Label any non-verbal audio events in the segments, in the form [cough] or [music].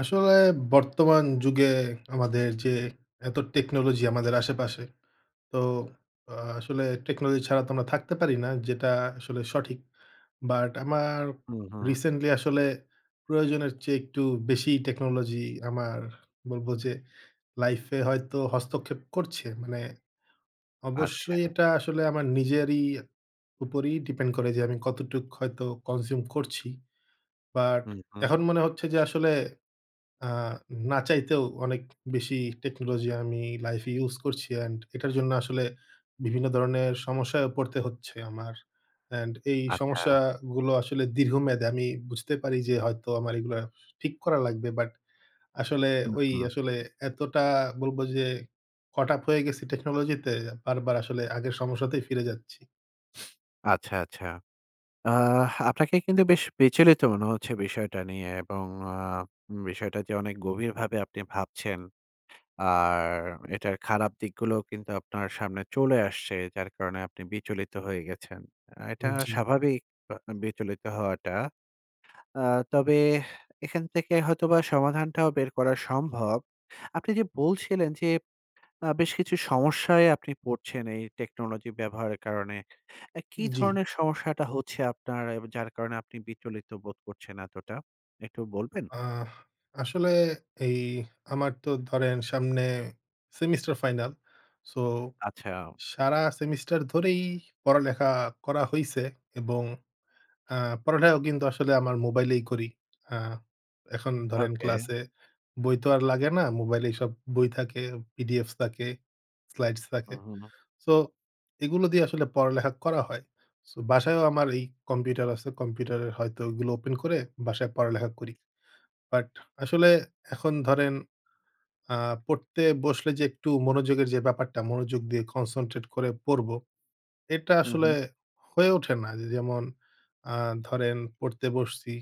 আসলে বর্তমান যুগে আমাদের যে এত টেকনোলজি আমাদের আশেপাশে। তো আসলে টেকনোলজি ছাড়া তো আমরা থাকতে পারি না যেটা আসলে সঠিক। বাট আমার হুম, হুম। রিসেন্টলি আসলে প্রয়োজনের চেয়ে একটু বেশিই টেকনোলজি আমার বলব যে লাইফে হয়তো হস্তক্ষেপ করছে। মানে আচ্ছা। অবশ্যই এটা আসলে আমার নিজেরই উপরই depend করে যে আমি কতটুক হয়তো consume করছি। বাট হুম, হুম। এখন মনে হচ্ছে যে আসলে আ না চাইতেও অনেক বেশি টেকনোলজি আমি লাইফে ইউস করছি। অ্যান্ড এটার জন্য আসলে বিভিন্ন ধরনের সমস্যায়ও পড়তে হচ্ছে আমার। অ্যান্ড এই আচ্ছা। সমস্যাগুলো আসলে দীর্ঘমেয়াদী। আমি বুঝতে পারি যে হয়তো আমার এইগুলা ঠিক করা লাগবে বাট আসলে হু, ওই হু। আসলে এতটা বলব যে caught up হয়ে গেছি টেকনোলজি তে, বারবার আসলে আগের সমস্যাতেই ফিরে যাচ্ছি। আচ্ছা, আচ্ছা। আহ আপনাকে কিন্তু বেশ বিচলিত মনে হচ্ছে বিষয়টা নিয়ে। এবং আ উম বিষয়টা যে অনেক গভীরভাবে আপনি ভাবছেন। আর এটার খারাপ দিকগুলোও কিন্তু আপনার সামনে চলে আসছে। যার কারণে আপনি বিচলিত হয়ে গেছেন। আ এটা উম জি। স্বাভাবিক আ আম বিচলিত হওয়াটা। আ তবে এখান থেকে হয়তোবা সমাধানটাও বের করা সম্ভব। আপনি যে বলছিলেন যে আ বেশ কিছু সমস্যায় আপনি পড়ছেন এই টেকনোলজি ব্যবহারের কারণে। অ্যা উম কী জি। ধরনের সমস্যাটা হচ্ছে আপনার এব যার কারণে আপনি বিচলিত বোধ করছেন এতটা, একটু বলবেন? আহ আসলে এই আমার তো ধরেন সামনে সেমিস্টার ফাইনাল। সো আচ্ছা। সারা সেমিস্টার ধরেই পড়ালেখা করা হইছে। এবং আ পড়ালেখাও কিন্তু আসলে আমার মোবাইলেই করি। আ এখন ধরেন ওকে। ক্লাসে বই তো আর লাগে না। মোবাইলেই সব বই থাকে PDF থাকে, slides হু, থাকে। হু, হু। সো এগুলো দিয়ে আসলে পড়ালেখা করা হয়। সো বাসায়ও আমার এই কম্পিউটার আছে। কম্পিউটারের হয়তো ঐগুলো ওপেন করে, বাসায় পড়ালেখা করি। বাট আসলে এখন ধরেন আ পড়তে বসলে যে একটু মনোযোগের যে ব্যাপারটা, মনোযোগ দিয়ে concentrate করে পড়ব, এটা হুম, আসলে হুম। হয়ে ওঠে না। দি যেমন আ ধরেন পড়তে বসছি।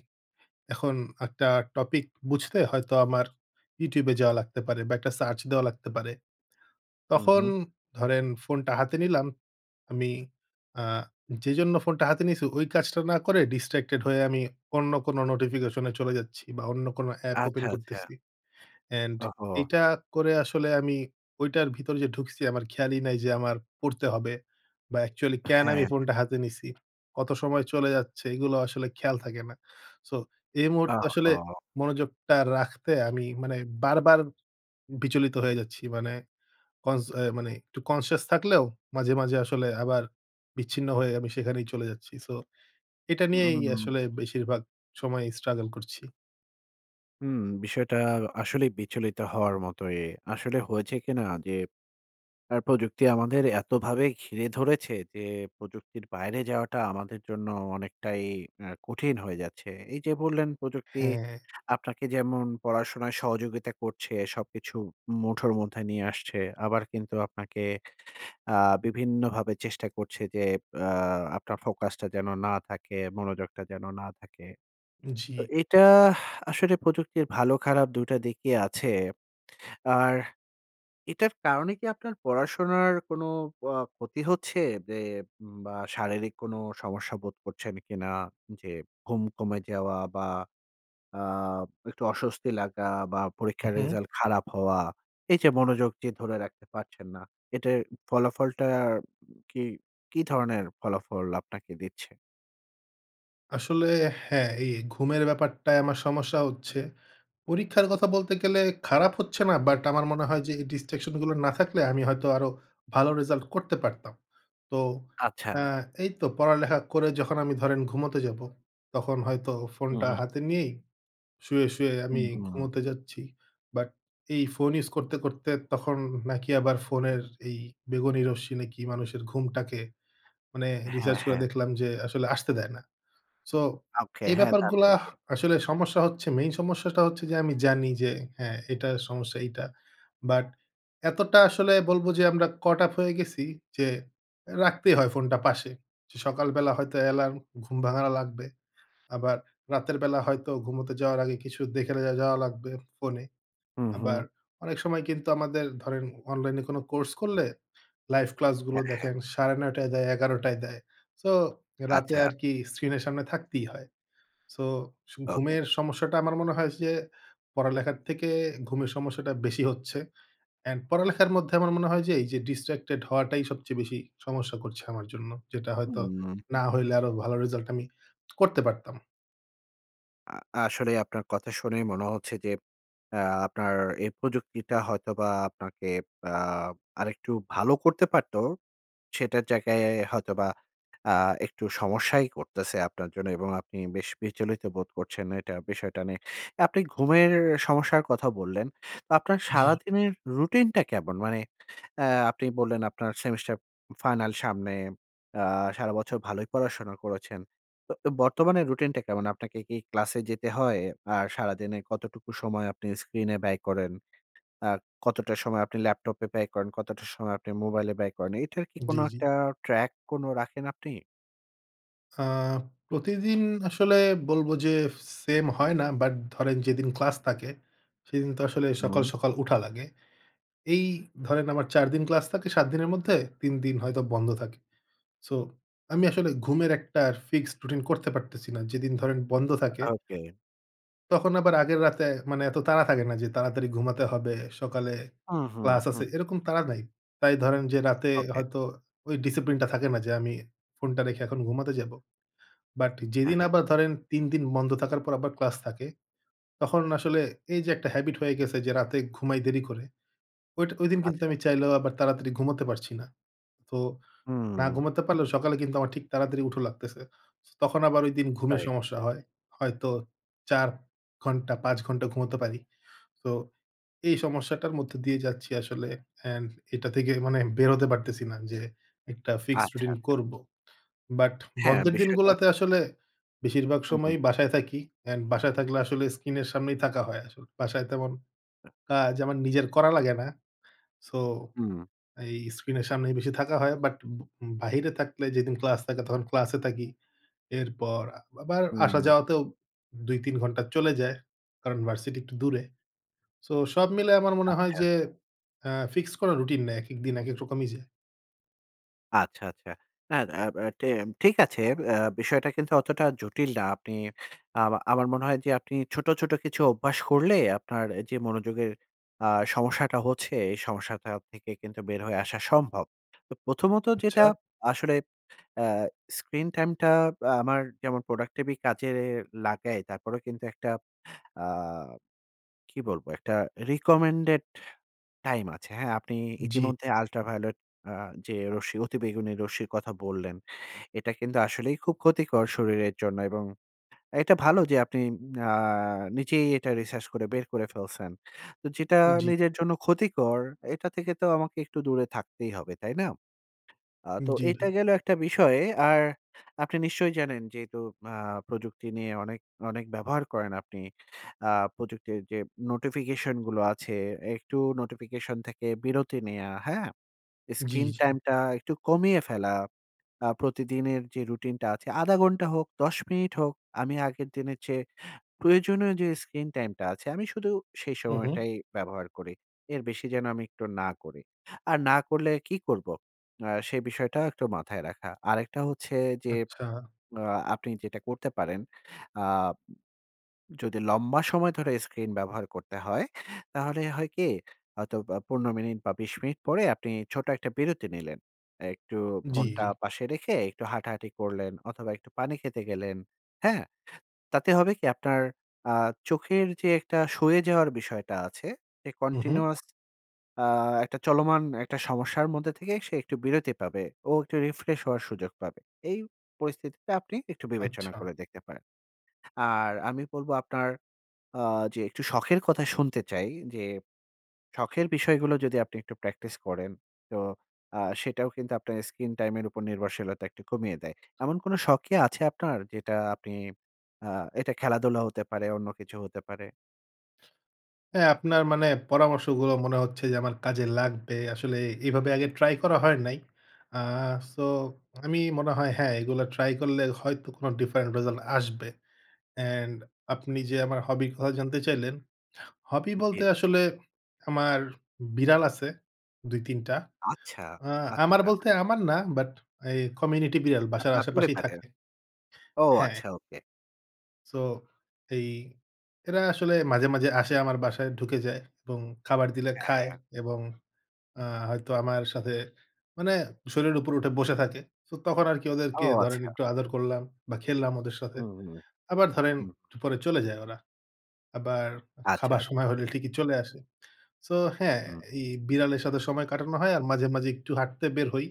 এখন একটা টপিক বুঝতে হয়তো আমার YouTube এ যাওয়া লাগতে পারে বা একটা সার্চ দেওয়া লাগতে পারে। হুম, তখন হুম। ধরেন ফোনটা হাতে নিলাম। আমি আ যেজন্য ফোনটা হাতে নিয়েছি ওই কাজটা না করে distracted হয়ে আমি অন্য কোন নোটিফিকেশনে চলে যাচ্ছি বা অন্য কোন অ্যাপ ওপেন আচ্ছা, আচ্ছা। করতেছি। অ্যান্ড ওহহো! এইটা করে আসলে আমি ওইটার ভিতরে যে ঢুকছি আমার খেয়ালই নাই যে আমার পড়তে হবে। বা actually কেন আমি হ্যাঁ। ফোনটা হাতে নিছি? কত সময় চলে যাচ্ছে? এগুলো আসলে খেয়াল থাকে না। সো এই মুহূর্তে আসলে ওহহো! মনোযোগটা রাখতে আমি মানে বারবার বিচলিত হয়ে যাচ্ছি। মানে কন্স অ্যা মানে একটু conscious থাকলেও মাঝে, মাঝে আসলে আবার বিচ্ছিন্ন হয়ে আমি সেখানেই চলে যাচ্ছি। সো এটা নিয়েই উম আসলে বেশিরভাগ সময় struggle করছি। হুম, বিষয়টা আসলেই বিচলিত হওয়ার মতোই। আসলে হয়েছে কিনা যে আ প্রযুক্তি আমাদের এতভাবে ঘিরে ধরেছে, যে প্রযুক্তির বাইরে যাওয়াটা আমাদের জন্য অনেকটাই আ কঠিন হয়ে যাচ্ছে। এই যে বললেন প্রযুক্তি, হ্যাঁ। আপনাকে যেমন পড়াশোনায় সহযোগিতা করছে, সবকিছু মুঠোর মধ্যে নিয়ে আসছে আবার কিন্তু আপনাকে আ বিভিন্নভাবে চেষ্টা করছে যে আ আপনার ফোকাস টা যেন না থাকে, মনোযোগটা যেন না থাকে। তো জ্বী। এটা আসলে প্রযুক্তির ভালো-খারাপ ২ টা দিকই আছে। আর এটার কারণে কি আপনার পড়াশোনার কোন অ ক্ষতি হচ্ছে যে উম বা শারীরিক কোন সমস্যা বোধ করছেন কিনা? যে ঘুম কমে যাওয়া বা আ একটু অস্বস্তি লাগা বা পরীক্ষার উহুম। রেজাল্ট খারাপ হওয়া। এই যে মনোযোগ যে ধরে রাখতে পারছেন না। এটার উ ফলাফলটা আম কি কি ধরনের ফলাফল আপনাকে দিচ্ছে? আসলে হ্যাঁ, এই ঘুমের ব্যাপারটায় আমার সমস্যা হচ্ছে। পরীক্ষার কথা বলতে গেলে খারাপ হচ্ছে না, বাট আমার মনে হয় যে এই distraction গুলো না থাকলে আমি হয়তো আরও ভালো রেজাল্ট করতে পারতাম। তো আচ্ছা। আ এই তো পড়ালেখা করে যখন আমি ধরেন ঘুমোতে যাব, তখন হয়তো ফোনটা উ-হুম। হাতে নিয়েই শুয়ে, শুয়ে আমি হুম, হুম। ঘুমোতে যাচ্ছি। বাট এই ফোন ইউজ করতে, করতে তখন নাকি আবার ফোনের এই বেগুনি রশ্মি নাকি মানুষের ঘুমটাকে, মানে হ্যাঁ, রিসার্চ করে হ্যাঁ। দেখলাম যে আসলে আসতে দেয় না। সো, ওকে, এই হ্যাঁ তা তো ব্যাপারগুলা বটে। আসলে সমস্যা হচ্ছে। মেইন সমস্যাটা হচ্ছে যে আমি জানি যে, "হ্যাঁ এটার সমস্যা এইটা।" বাট এতটা আসলে বলবো যে আমরা caught up হয়ে গেছি, যে অ্যা রাখতেই হয় ফোনটা পাশে। যে সকালবেলা হয়তো অ্যালার্ম ঘুম ভাঙানো লাগবে। আবার রাতের বেলা হয়তো ঘুমোতে যাওয়ার আগে কিছু দেখে লা যাওয়া লাগবে ফোনে। হু, আবার হু। অনেক সময় কিন্তু আমাদের ধরেন অনলাইনে কোনো কোর্স করলে, লাইভ ক্লাসগুলো হ্যাঁ, হ্যাঁ। দেখেন ৯ঃ৩০ টায় দেয়, ১১ঃ০০ টায় দেয়। সো রাতে আচ্ছা। আরকি স্ক্রিন এর সামনে থাকতেই হয়। So okay. ঘুমের সমস্যাটা আমার মনে হয় যে পড়ালেখার থেকে ঘুমের সমস্যাটা বেশি হচ্ছে। অ্যান্ড পড়ালেখার মধ্যে আমার মনে হয় যে এই যে distracted হওয়াটাই সবচেয়ে বেশি সমস্যা করছে আমার জন্য। যেটা হুম। হয়তো, উম না হইলে আরও ভালো রেজাল্ট আমি [smacks lips] করতে পারতাম। আ আসলেই আপনার কথা শুনেই মনে হচ্ছে যে অ্যা আপনার এ প্রযুক্তিটা হয়তোবা আপনাকে আ আরেকটু ভালো করতে পারতো। সেটার জায়গায় হয়তোবা আ একটু সমস্যাই করতেছে আপনার জন্য এবং আপনি বেশ বিচলিত বোধ করছেন এটা বিষয়টা নিয়ে। আপনি ঘুমের সমস্যার কথা বললেন। তো আপনার জ্বি। সারাদিনের রুটিন টা কেমন? মানে অ্যা আপনি বললেন আপনার সেমিস্টার উম ফাইনাল সামনে। অ্যা সারা বছর ভালোই পড়াশোনা করেছেন। তো অ বর্তমানের রুটিনটা কেমন? আপনাকে কি ক্লাসে যেতে হয়? আর সারাদিনে কতটুকু সময় আপনি স্ক্রিন এ ব্যয় করেন? আর কতটা সময় আপনি ল্যাপটপে ব্যয় করেন? কতটা সময় আপনি মোবাইলে ব্যয় করেন? এটার কি কোন দি জ্বি। একটা track কোন রাখেন আপনি? আ প্রতিদিন আসলে বলব যে স সেম হয় না। বাট ধরেন যেদিন ক্লাস থাকে সেদিন তো আসলে সকাল, হুম। সকাল উঠা লাগে। এই ধরেন আমার ৪ দিন ক্লাস থাকে ৭ দিনের মধ্যে। ৩ দিন হয়তো বন্ধ থাকে। সো আমি আসলে ঘুমের একটা ফিক্সড রুটিন করতে পারতেছি না। যেদিন ধরেন বন্ধ থাকে আ ওকে। তখন আবার আগের রাতে মানে এত তাড়া থাকে না। যে তাড়াতাড়ি ঘুমাতে হবে, সকালে হুম, হুম, ক্লাস হুম। আছে এরকম তাড়া নাই। তাই ধরেন যে রাতে ওকে। হয়তো ওই discipline টা থাকে না যে আমি ফোনটা রেখে এখন ঘুমাতে যাবো। বাট হ্যাঁ, যেদিন হ্যাঁ। আবার ধরেন ৩ দিন বন্ধ থাকার পর আবার ক্লাস থাকে। তখন আসলে এই যে একটা habit হয়ে গেছে যে রাতে ঘুমাই দেরি করে। ওইটা ওইদিন কিন্তু আচ্ছা। আমি চাইলেও আবার তাড়াতাড়ি ঘুমাতে পারছি না। তো না হুম। ঘুমাতে পারলেও সকালে কিন্তু আমার ঠিক তাড়াতাড়ি উঠা লাগতেছে। সো তখন আবার ওইদিন ঘুমের রাইট। সমস্যা হয়। হয়তো ৪ ঘন্টা ৫ ঘন্টা ঘুমাতে পারি। তো এই সমস্যাটার মধ্যে দিয়ে যাচ্ছি আসলে। অ্যান্ড এটা থেকে মানে বেরোতে পারতেছি না যে একটা ফিক্সড আচ্ছা, রুটিন আচ্ছা। করব। বাট হ্যাঁ বন্ধের দিন বিষয়টা গুলাতে আসলে বেশিরভাগ হু ,হু। সময়ই বাসায় থাকি। অ্যান্ড বাসায় থাকলে আসলে স্কিন এর সামনেই থাকা হয় আসল বাসায় তেমন কাজ আমার নিজের করা লাগে না। সো হুম। এই স্ক্রিন এর সামনেই বেশি থাকা হয়। বাট ব বাহিরে থাকলে যেদিন ক্লাস থাকে তখন ক্লাসে থাকি। এরপর আ আবার হুম। আসা-যাওয়াতেও ২-৩ ঘন্টা চলে যায়। কারণ ভার্সিটি একটু দূরে। সো সব মিলায়ে আমার মনে হয় আচ্ছা। যে অ্যা ফিক্সড কোন রুটিন নাই, একেক দিন একেক রকমই যায়। আচ্ছা, আচ্ছা। না আব টে ঠিক আছে। ব্যা বিষয়টা কিন্তু অতটা জটিল না। আপনি আমা আমার মনে হয় যে আপনি ছোট, ছোট কিছু অভ্যাস করলে আপনার এ যে মনোযোগের আ সমস্যাটা হচ্ছে, এই সমস্যাটা থেকে কিন্তু বের হয়ে আসা সম্ভব। তো প্রথমত যেটা আচ্ছা। আসলে অ্যা স্ক্রিন টাইম টা আ আমার যেমন productivity কাজে লাগাই। তারপরেও কিন্তু একটা আ কি বলব? একটা recommended time আছে, হ্যাঁ? আপনি জি। ইতিমধ্যে ultraviolet আ যে রশ্মি অতিবেগুনি রশ্মির কথা বললেন। এটা কিন্তু আসলেই খুব ক্ষতিকর শরীরের জন্য। এবং অ্যা এটা ভালো যে আপনি আ নিজেই এটা রিসার্চ করে বের করে ফেলছেন। তো যেটা জি। নিজের জন্য ক্ষতিকর, এটা থেকে তো আমাকে একটু দূরে থাকতেই হবে, তাই না? আ উম তো জি, এটা ভাই। গেল একটা বিষয়। আর আপনি নিশ্চয়ই জানেন যেহেতু আ প্রযুক্তি নিয়ে অনেক, অনেক ব্যবহার করেন আপনি। আ প্রযুক্তির যে নোটিফিকেশন গুলো আছে, একটু নোটিফিকেশন থেকে বিরতি নেয়া, হ্যাঁ? জি, স্ক্রিন জি। টাইমটা একটু কমিয়ে ফেলা। আ প্রতিদিনের যে রুটিনটা আছে ১/২ ঘন্টা হোক, ১০ মিনিট হোক। আমি আগের দিনের চেয়ে প্রয়োজনীয় যে স্ক্রিন টাইমটা আছে, আমি শুধু সেই হু, হু। সময়টাই ব্যবহার করি। এর বেশি যেন আমি একটু না করি। আর না করলে কী করব? আ সে বিষয়টা একটু মাথায় রাখা। আরেকটা হচ্ছে যে আচ্ছা। আ আপনি যেটা করতে পারেন। আ যদি লম্বা সময় ধরে স্ক্রিন ব্যবহার করতে হয়, তাহলে হয় কি? হয়তো আ ১৫ মিনিট বা ২০ মিনিট পরে আপনি ছোট একটা বিরতি নিলেন। একটু জি, জি। ফোনটা পাশে রেখে একটু হাঁটাহাঁটি করলেন অথবা একটু পানি খেতে গেলেন, হ্যা? তাতে হবে কি? আপনার আ চোখের যে একটা সয়ে যাওয়ার বিষয়টা আছে, এ হু, হু। continuous আ একটা চলমান একটা সমস্যার মধ্যে থেকে সে একটু বিরতি পাবে। ও একটু রিফ্রেশ হওয়ার সুযোগ পাবে। এই পরিস্থিতিতে আপনি একটু বিবেচনা আচ্ছা। করে দেখতে পারেন। আর আমি বলব আপনার আ যে একটু শখের কথা শুনতে চাই। যে শখের বিষয়গুলো যদি আপনি একটু প্র্যাকটিস করেন, তো আ সেটাও কিন্তু আপনার স্ক্রিন টাইম এর উপর নির্ভরশীলতা একটু কমিয়ে দেয়। এমন কোন শখ কি আছে আপনার? যেটা আপনি আ এটা খেলাধুলা হতে পারে, অন্য কিছুও হতে পারে? হ্যাঁ, আপনার মানে পরামর্শগুলো মনে হচ্ছে যে আমার কাজে লাগবে। আসলে এভাবে আগে ট্রাই করা হয় নাই। আ সো, আমি মনে হয় হ্যাঁ, এইগুলো ট্রাই করলে হয়তো কোন different result আসবে। অ্যান্ড আপনি যে আমার হবির কথা জানতে চাইলেন, হবি জী। বলতে আসলে আমার বিড়াল আছে ২-৩ টা। আচ্ছা, আ আমার আচ্ছা। বলতে আমার না, বাট এই community বিড়াল। বাসার আপনার আশেপাশেই থাকে। [unintelligible] ও হ্যাঁ। আচ্ছা! ওকে। সো, এই এরা আসলে মাঝে, মাঝে আসে আমার বাসায় ঢুকে যায় এবং খাবার দিলে হ্যাঁ, খায় হ্যাঁ। এবং আ হয়তো আমার সাথে মানে শরীরের উপর উঠে বসে থাকে। তো তখন আরকি ও ওদেরকে ধরেন আচ্ছা! একটু আদর করলাম বা খেললাম ওদের সাথে। হু, হু। আবার ধরেন হুম। পরে চলে যায় ওরা। আবার আচ্ছা, খাবার আচ্ছা। সময় হলে ঠিকই চলে আসে। সো হ্যাঁ, হুম। এই বিড়ালের সাথে সময় কাটানো হয় আর মাঝে, মাঝে একটু হাঁটতে বের হই।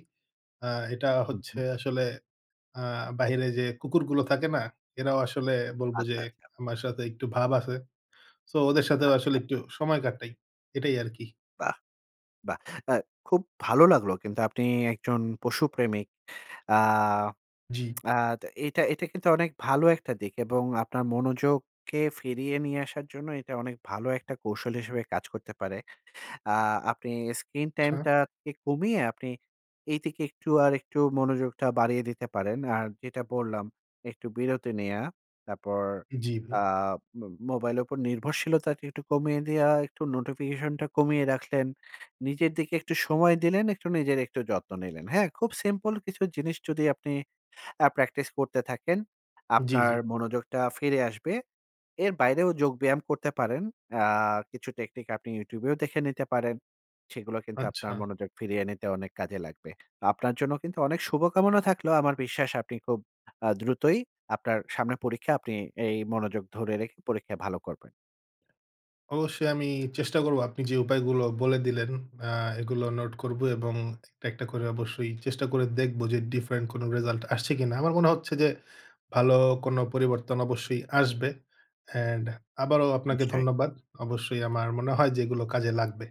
আ এটা হু, হচ্ছে হু। আসলে আ বাহিরে যে কুকুরগুলো থাকে না? এরাও আসলে বলব যে আচ্ছা, আচ্ছা। আমার সাথে একটু ভাব আছে। সো ওদের সাথেও আসলে আচ্ছা। একটু সময় কাটাই। এটাই আরকি। বাহ! বাহ! আ খুব ভালো লাগলো কিন্তু আপনি একজন পশুপ্রেমিক। আ জি। আ তা এটা এটা কিন্তু অনেক ভালো একটা দিক। এবং আপনার মনোযোগকে ফিরিয়ে নিয়ে আসার জন্য এটা অনেক ভালো একটা কৌশল হিসেবে কাজ করতে পারে। আ আপনি স্ক্রিন-টাইম আচ্ছা। টাকে কমিয়ে আপনি এই দিকে একটু আর একটু মনোযোগটা বাড়িয়ে দিতে পারেন। আর যেটা বললাম, একটু বিরতি নেয়া। তারপর উম জি, ভাই। আ ম মোবাইলের উপর নির্ভরশীলতাটি একটু কমিয়ে দেওয়া, একটু নোটিফিকেশন টা কমিয়ে রাখলেন। নিজের দিকে একটু সময় দিলেন, একটু নিজের একটু যত্ন নিলেন, হ্যাঁ? খুব সিম্পল কিছু জিনিস যদি আপনি অ্যা প্র্যাকটিস করতে থাকেন, জি, আপনার জি। মনোযোগটা ফিরে আসবে। এর বাইরেও যোগব্যায়াম করতে পারেন। অ্যা কিছু টেকনিক আপনি YouTube এও দেখে নিতে পারেন। সেগুলো কিন্তু আপনার আচ্ছা। মনোযোগ ফিরিয়ে নিতে অনেক কাজে লাগবে। তা আপনার জন্য কিন্তু অনেক শুভকামনা থাকলো। আমার বিশ্বাস আপনি খুব আ দ্রুতই আপনার সামনে পরীক্ষা, আপনি এই মনোযোগ ধরে রেখে পরীক্ষায় ভালো করবেন। অবশ্যই আমি চেষ্টা করব। আপনি যে উপায়গুলো বলে দিলেন অ্যা এগুলো নোট করব। এবং একটা, একটা করে অবশ্যই চেষ্টা করে দেখব যে ডিফারেন্ট কোন রেজাল্ট আসছে কিনা। আমার মনে হচ্ছে যে ভালো কোন পরিবর্তন অবশ্যই আসবে। অ্যান্ড আবারও আপনাকে নিশ্চয়ই। ধন্যবাদ। অবশ্যই আমার মনে হয় যে এগুলো কাজে লাগবে।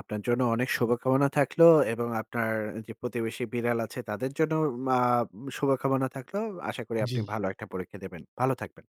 আপনার জন্য অনেক শুভকামনা থাকলো। এবং আপনার আ যে প্রতিবেশী বিড়াল আছে, তাদের জন্যও মা উম শুভকামনা থাকলো। আশা করি আপনি জি। ভালো একটা পরীক্ষা দেবেন। ভালো থাকবেন।